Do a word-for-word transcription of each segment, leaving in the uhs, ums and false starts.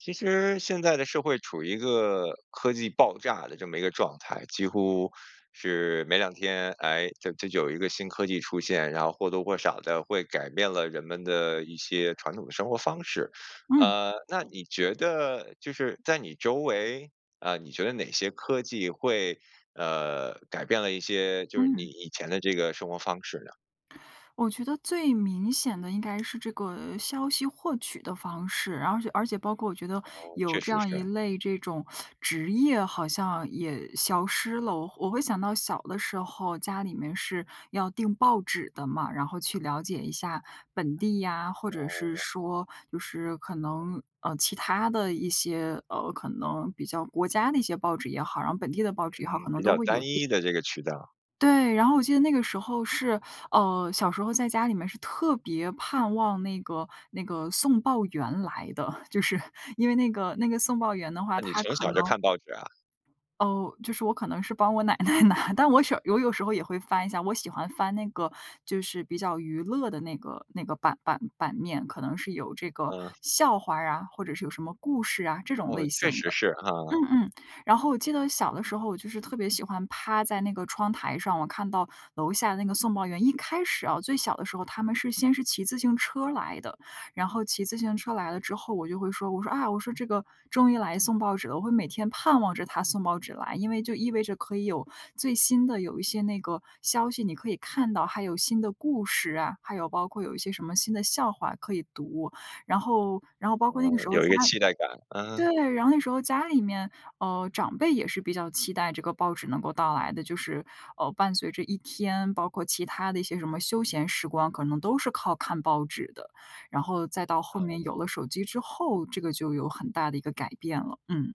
其实现在的社会处于一个科技爆炸的这么一个状态，几乎是两天，哎，这这就有一个新科技出现，然后或多或少地会改变了人们的一些传统的生活方式。嗯。呃，那你觉得就是在你周围，啊，你觉得哪些科技会，呃，改变了一些就是你嗯。以前的这个生活方式呢？我觉得最明显的应该是这个消息获取的方式，而且而且包括我觉得，哦，确有这实样一是。类这种 职业好像也消失了。我我会想到小的时候，家里面是要订报纸的嘛，然后去了解一下本地呀，或者是哦。说就是可能，呃，其他的一些，呃，可能比较国家的一些报纸也好，然后本地的报纸也好，嗯，可比能较都会单有订。一的这个渠道。对，然后我记得那个时候是呃，小时候在家里面儿是特别盼望那个那个送报员来的，就是因为那个那个送报员的话，那你他从可小能就看报纸啊？哦，就是我可能是帮我奶奶拿，但我时有有时候也会翻一下，我喜欢翻那个就是比较娱乐的那个那个版版版面，可能是有这个嗯。笑话儿啊，或者是有什么故事啊，这种哦，类确型实的。是啊。嗯，嗯，然后我记得小的时候，我就是特别喜欢趴在那个窗台上，我看到楼下那个送报员一开始啊，最小的时候，他们是先是骑自行车来的，然后骑自行车来了之后，我就会说，我说：“啊。“我说：”这个终于来送报纸了。”我会每天盼望着他送报纸来，因为就意味着可以有最新的有一些那个消息，你可以看到还有新的故事啊，还有包括有一些什么新的笑话可以读。然后然后包嗯，括那个时候有家一个期待感，啊。对，然后那时候家里面，呃，长辈也是比较期待这个报纸能够到来的，就是，呃，伴随着一天，包括其他的一些什么休闲时光，可能都是靠看报纸的。然后再到后面哦。有了手机之后，这个就有很大的一个改变了，嗯。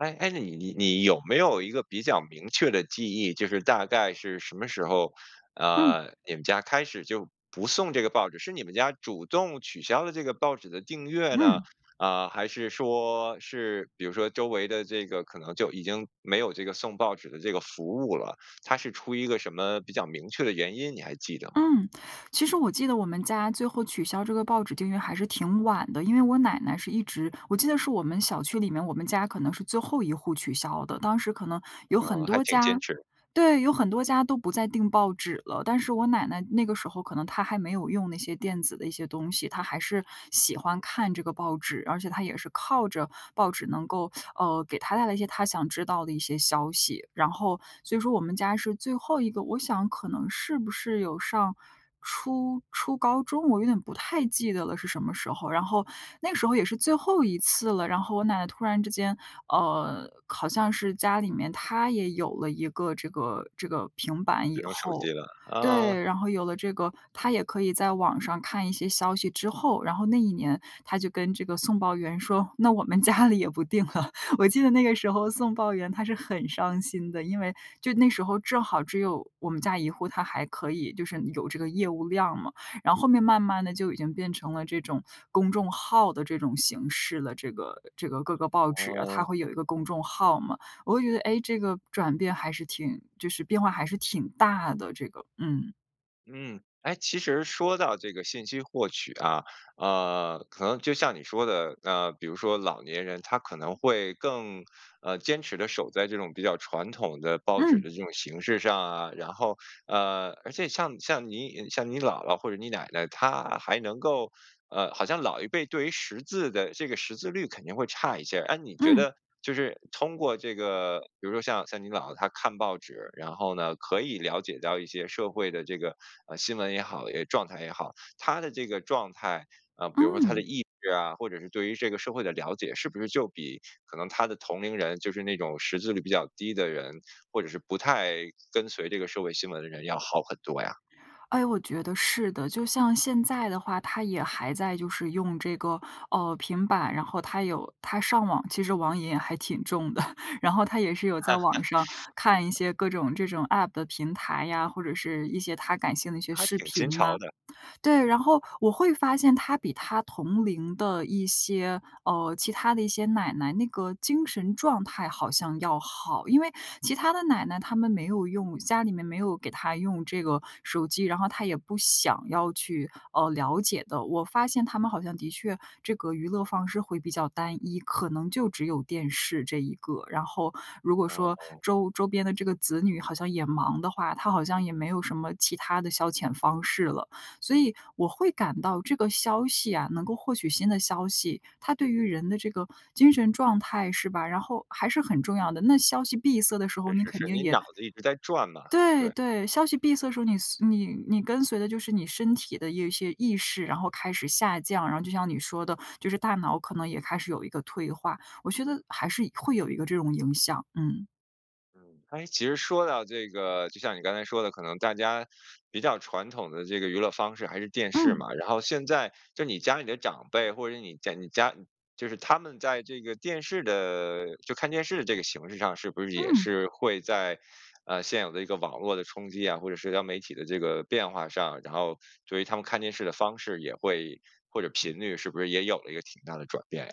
哎，哎，你你你有没有一个比较明确的记忆，就是大概是什么时候儿，嗯。呃，你们家开始就不送这个报纸，是你们家主动取消了这个报纸的订阅呢？嗯。啊，还是说，是比如说周围的这个，可能就已经没有这个送报纸的这个服务了，它是出于一个什么比较明确的原因，你还记得吗？嗯，其实我记得我们家，最后取消这个报纸订阅还是挺晚的，因为我奶奶是一直我记得是我们小区里面，我们家可能是最后一户取消的。当时可能有呃，很还多挺坚家持。对，有很多家都不再订报纸了，但是我奶奶那个时候，可能她还没有用那些电子的一些东西，她还是喜欢看这个报纸，而且她也是靠着报纸能够，呃，给她带来一些她想知道的一些消息，然后所以说我们家是最后一个。我想可能是不是有上初初高中，我有点不太记得了，是什么时候。然后那时候也是最后一次了，然后我奶奶突然之间，呃，好像是家里面她也有了一个这个这个平板智以能手后机了，啊。对，然后有了这个，她也可以在网上看一些消息之后，然后那一年她就跟这个送报员说，那我们家里也不订了，我记得那个时候 [unintelligible] 送报员他是很伤心的，因为就那时候正好只有我们家一户，他还可以就是有这个业务量嘛，然后后面慢慢地就已经变成了这种公众号的这种形式了。这个这个各个报纸啊，它哦。会有一个公众号嘛，我会觉得，哎，这个转变还是挺就是变化还是挺大的，这个，嗯。嗯，哎，其实说到这个信息获取啊，呃，可能就像你说的，呃，比如说老年人，他可能会更，呃，坚持地守在这种比较传统的报纸的嗯。这种形式上啊，然后，呃，而且像像你像你姥姥或者你奶奶，她还能够呃，好像老一辈对于识字的这个识字率肯定会差一些。啊，你觉嗯。得就是通过这个，比如说像像你姥姥她看报纸，然后呢，可以了解到一些社会的这个，呃，新闻也好，也状态也好，她的这个状态，啊，比如说她的嗯。意志啊，或者是对于这个社会的了解，是不是就比可能她的同龄人，就是那种识字率比较低的人，或者是不太跟随这个社会新闻的人，要好很多呀？哎，我觉得是的。就像现在的话，她也还在就是用这个，呃，平板，然后她有她上网，其实网瘾也还挺重的。然后她也是有在网上，看一 些各种这种 App 的平台呀，或者是一些她感兴的一些还视挺新频呐。潮的。对，然后我会发现她比她同龄的一些，呃，其她的一些奶奶，那个精神状态好像要好。因为其她的奶奶她们没有用家里面没有给她用这个手机，然后她也不想要去，呃，了解的。我发现她们好像的确这个娱乐方式会比较单一，可能就只有电视这一个，然后如果说哦。周周边的这个子女好像也忙的话，她好像也没有什么其他的消遣方式了。所以我会感到这个消息啊-能够获取新的消息-它对于人的这个精神状态是吧，然后还是很重要的。那消息闭塞的时候，是，你是，肯是，定你也脑子一直在转嘛，对，对。对，消息闭塞时候，你随你你跟随的就是你身体的一些意识，然后开始下降，然后就像你说的，就是大脑可能也开始有一个退化，我觉得还是会有一个这种影响，嗯。嗯，哎，其实说到这个，就像你刚才说的，可能大家比较传统的这个娱乐方式还是电视嗯。嘛，然后现在就你家里的长辈，或者你家你家就是他们在这个电视的就看电视这个形式上，是不是也嗯。是会在，呃，现有的一个网络的冲击啊，或者社交媒体的这个变化上，然后对于他们看电视的方式也会或者频率是不是也有了一个挺大的转变呀？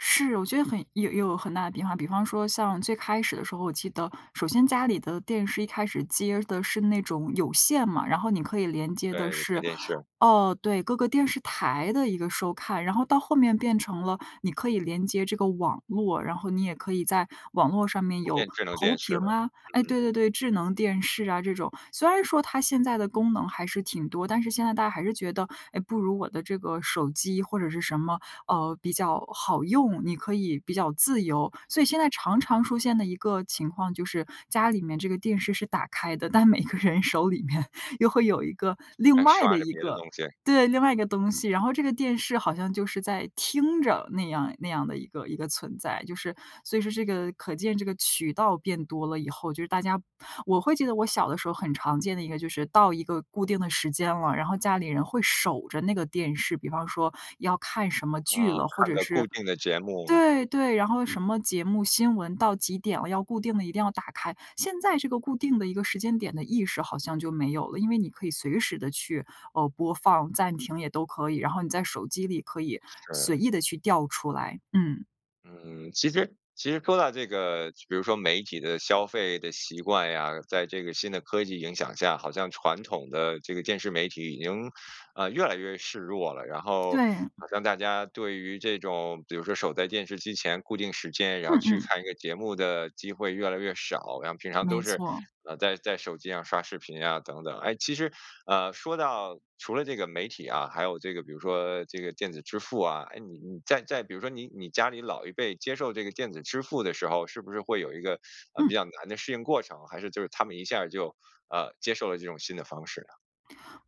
是，我觉得很有有很大的变化。比方说像最开始的时候，我记得首先家里的电视，一开始接的是那种有线嘛，然后你可以连接的对，有线是，电视。哦，对，各个电视台的一个收看，然后到后面变成了，你可以连接这个网络，然后你也可以在网络上面都有变智能投电视屏了，啊哎，嗯。对，对，对，智能电视啊这种，虽然说它现在的功能还是挺多，但是现在大家还是觉得，哎，不如我的这个手机或者是什么，呃，比较好用，你可以比较自由。所以现在常常出现的一个情况就是，家里面这个电视是打开的，但每个人手里面又会有一个，另还外刷的着一别的个东西。对，另外一个东西。然后这个电视好像就是在听着，那样那样的一个一个存在。就是所以说这个，可见这个渠道变多了以后，就是大家我会记得我小的时候，很常见的一个就是到一个固定的时间了，然后家里人会守着那个电视，比方说要看什么剧啊，了，或看者个固是定的节目。对，对，然后什么节目新闻，到几点了要固定地一定要打开，现在这个固定的一个时间点的意识，好像就没有了，因为你可以随时地去，呃，播放暂停也都可以，然后你在手机里可以随是。意地去调出来，嗯。嗯，其实其实说到这个，比如说媒体的消费的习惯呀，在这个新的科技影响下，好像传统的这个电视媒体已经，呃，越来越势弱了，然后对。好像大家对于这种，比如说守在电视机前固定时间，然后嗯，去嗯。看一个节目的机会越来越少，然后平常都没是，错。呃，在在手机上刷视频呀，等等。哎，其实，呃，说到除了这个媒体啊，还有这个比如说这个电子支付啊，哎，你你在在比如说你你家里老一辈接受这个电子支付的时候，是不是会有一个，呃，比嗯。较难的适应过程，还是就是他们一下儿就，呃，接受了这种新的方式呢？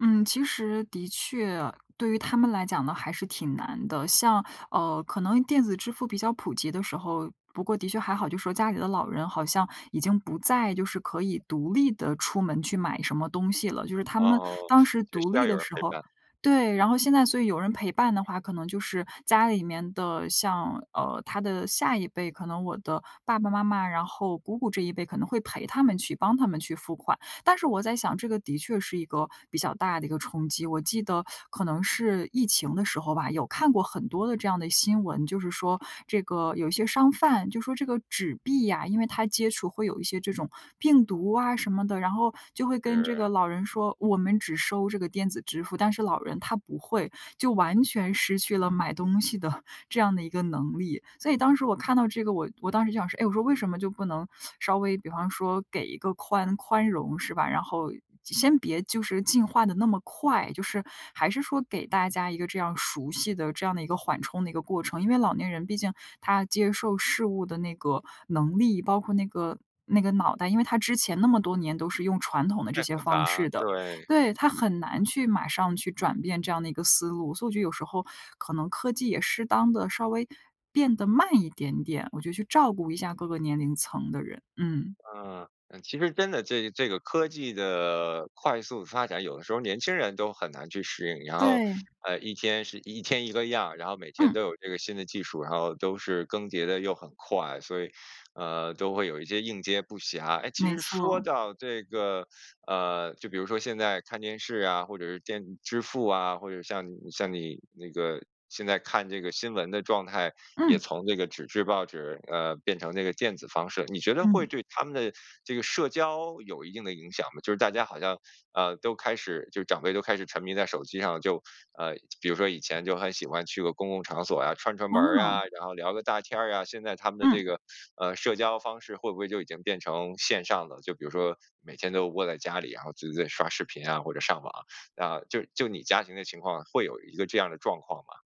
嗯，其实的确，对于他们来讲呢，还是挺难的。像，呃，可能电子支付比较普及的时候不过的确还好，就说家里的老人，好像已经不再就是可以独立地出门去买什么东西了，就是他们哦，当时也独需要立有的人时陪候伴。对，然后现在所以有人陪伴的话，可能就是家里面的，像呃，他的下一辈，可能我的爸爸妈妈，然后姑姑这一辈，可能会陪他们去、帮他们去付款。但是我在想，这个的确是一个比较大的一个冲击，我记得 可能是疫情的时候吧，有看过很多的这样的新闻，就是说这个有一些商贩，就说这个纸币啊，因为它接触会有一些这种病毒啊什么的，然后就会跟这是。个老人说：“我们只收这个电子支付。”但是老人他不会，就完全失去了买东西的 这样的一个能力。所以当时我看到这个，我我当时想说：“哎，我说为什么就不能 稍微，比方说给一个宽宽容是吧。”然后先别就是进化得那么快，就是还是说给大家一个，这样熟悉的这样的一个缓冲的一个过程。因为老年人，毕竟他接受事物的那个能力，包括那个那个脑袋，因为他之前那么多年，都是用传统的这太复些方杂，式的。对。对，他很难去马上去转变这样的一个思路，所以我觉得有时候，可能科技也适当地稍微变得慢一点点，我觉得去照顾一下各个年龄层的人，嗯。啊，呃，其实真的这这个科技地快速发展，有的时候年轻人都很难去食应，然后，对。呃，一天是一天一个样，然后每天都嗯。有这个新的技术，然后都是更迭得又很快，所以，呃，都会有一些应接不暇。哎，其没实说错。到这个，呃，就比如说现在看电视啊，或者是电子支付啊，或者像你像你那个，现在看这个新闻的状态，也嗯。从这个纸质报纸，呃，变成那个电子方式。你觉得会嗯。对他们的这个社交，有一定的影响吗？就是大家好像，呃，都开始就长辈都开始沉迷在手机上就，呃，比如说以前就很喜欢去个公共场所啊，串串门儿啊，哦。然后聊个大天儿啊，现在他们的嗯。这个，呃，社交方式，会不会就已经变成线上的？就比如说每天都窝在家里啊，就是在刷视频啊，或者上网，然后就就你家庭的情况，会有一个这样的状况吗？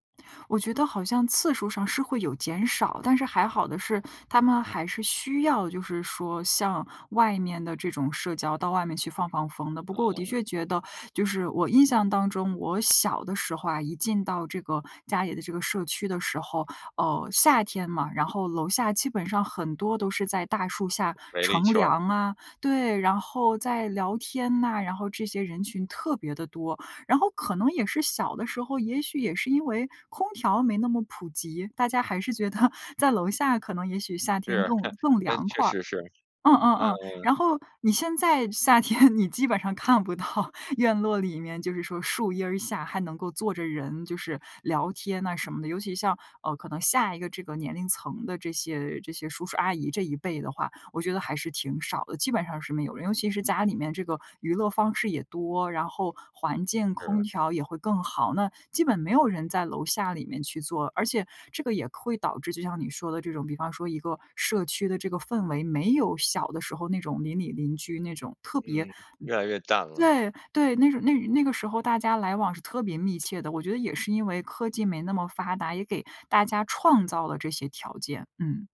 我觉得好像次数上是会有减少，但是还好的是，他们还是需要就是说像外面的这种社交，到外面去放放风的。不过我的啊。确觉得，就是我印象当中我小的时候啊，一进到这个家里的这个社区的时候，呃，夏天嘛，然后楼下基本上很多都是在大树下围了一乘圈儿。凉啊。对，然后在聊天呐，然后这些人群特别地多，然后可能也是小的时候，也许也是因为空调没那么普及，大家还是觉得 在楼下可能也许夏天是，更 更哎，凉确快儿。实是，嗯，嗯，嗯，嗯。然后你现在夏天你基本上看不到院落里面，就是说树阴儿下还能够坐着人，就是聊天呐什么的。尤其像，呃，可能下一个这个年龄层的这些这些叔叔阿姨这一辈的话，我觉得还是挺少的，基本上是没有。尤其是家里面这个娱乐方式也多，然后环境、空是。调也会更好，那基本没有人在楼下里面去坐。而且这个也会导致，就像你说的这种，比方说一个社区的这个氛围，没有小的时候，那种邻里邻居那种特别嗯，越来越淡了。对，对，那种那那个时候大家来往是特别密切的，我觉得也是因为科技没那么发达，也给大家创造了这些条件，嗯。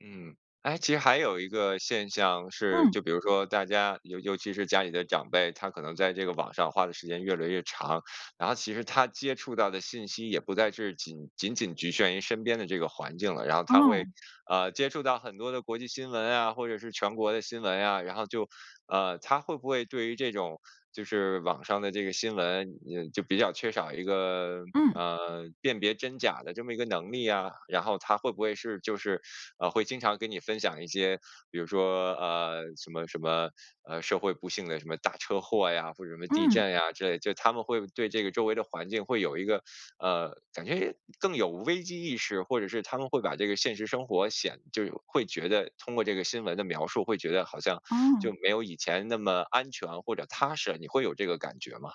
嗯，哎，其实还有一个现象是，嗯。就比如说大家尤尤其是家里的长辈，他可能在这个网上花的时间越来越长，然后其实他接触到的信息，也不再是仅仅仅局限于身边的这个环境了，然后他会，哦。呃，接触到很多的国际新闻啊，或者是全国的新闻呀，然后就，呃，他会不会对于这种，就是网上的这个新闻，嗯，就比较缺少一个，嗯。呃，辨别真假的这么一个能力啊？然后他会不会是就是，呃，会经常跟你分享一些，比如说，呃，什么什么，呃，社会不幸的什么大车祸呀，或者什么地嗯。震呀，之类的，就他们会对这个周围的环境会有一个呃，感觉也更有危机意识，或者是他们会把这个现实生活显就有会觉得通过这个新闻的描述，会觉得好像就哦。没有以前那么安全或者踏实啊，你会有这个感觉吗？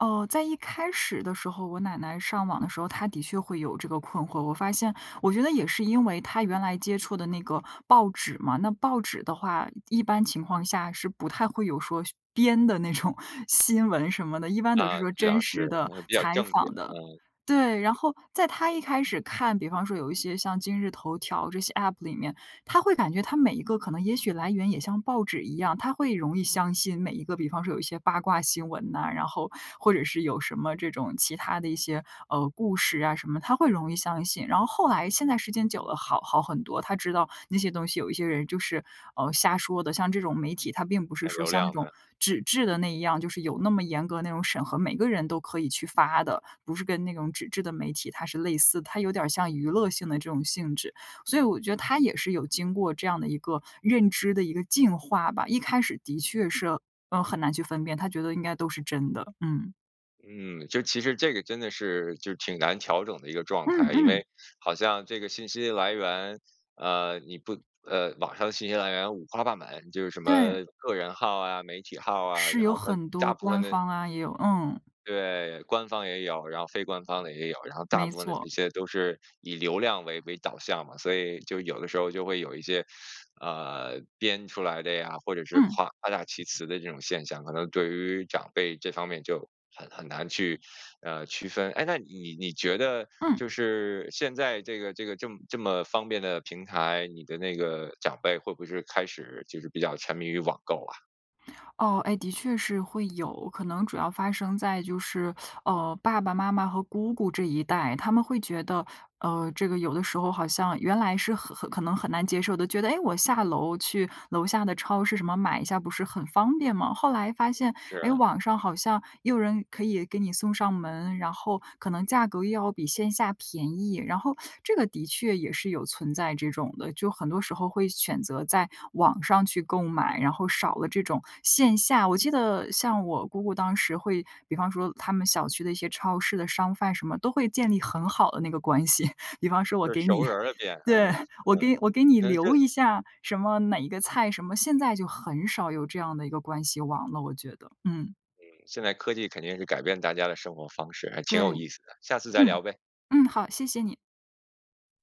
哦，在一开始的时候，我奶奶上网的时候，她的确会有这个困惑。我发现，我觉得也是因为她原来接触的那个报纸嘛，那报纸的话，一般情况下，是不太会有说编的那种新闻什么的，一般都啊，是说这倒真是，实的、呃，比较采正经访的。啊。对，然后在她一开始看，比方说有一些像今日头条这些 App 里面，她会感觉它每一个，可能也许来源也像报纸一样，她会容易相信每一个，比方说有一些八卦新闻呐，然后或者是有什么这种，其他的一些，呃，故事啊什么，她会容易相信。然后后来，现在时间久嗯。了，好好很多，她知道那些东西，有一些人就是，呃，瞎说的，像这种媒体，它并不是哎，说流像那量种的。纸质的那一样，就是有那么严格的那种审核，每个人都可以去发的，不是跟那种纸质的媒体，它是类似，它有点儿像娱乐性的这种性质。所以我觉得，她也是有经过这样的一个认知的一个进化吧，一开始的确是，嗯，很难去分辨，她觉得应该都是真的，嗯。嗯，就其实这个真的是，就挺难调整的一个状嗯，态，因嗯。为好像这个信息来源，呃，你不呃，网上的信息来源五花八买，就是什对。么个人号啊、媒体号啊，是然有后它很多大部分官的方啊，也有嗯。对，官方也有，然后非官方的也有，然后大没部分的这错。些都是以流量为为导向嘛。所以就有的时候就会有一些，呃，编出来的呀，或者是嗯。夸夸大其词的这种现象，可能对于长辈这方面就很很难去，呃，区分。哎，那你你觉得，就嗯。是现在这个这个，这么这么方便的平台，你的那个长辈，会不会是开始就是比较沉迷于网购啊？哦，哎，的确是会有，可能主要发生在，就是，呃，爸爸妈妈和姑姑这一代。他们会觉得，呃，这个有的时候好像，原来是很很可能很难接受的，觉得，哎，我下楼去楼下的超市什么，买一下不是很方便吗？后来发现，是哎，啊。网上好像也有人可以给你送上门，然后可能价格又要比线下便宜，然后这个的确也是有存在这种的，就很多时候会选择在网上去购买，然后少了这种线下。我记得像我姑姑当时，会比方说他们小区的一些超市的商贩什么，都会建立很好的那个关系。比方说我就是给熟你，人儿的店，嗯，对，我嗯。给我给你可能这留个一下，什么哪一个菜什么，现在就很少有这样的一个关系网了，我觉得，嗯。嗯，现在科技肯定是改变大家的生活方式，还对，挺有意思的，下次再嗯，聊呗。嗯，好，谢谢你。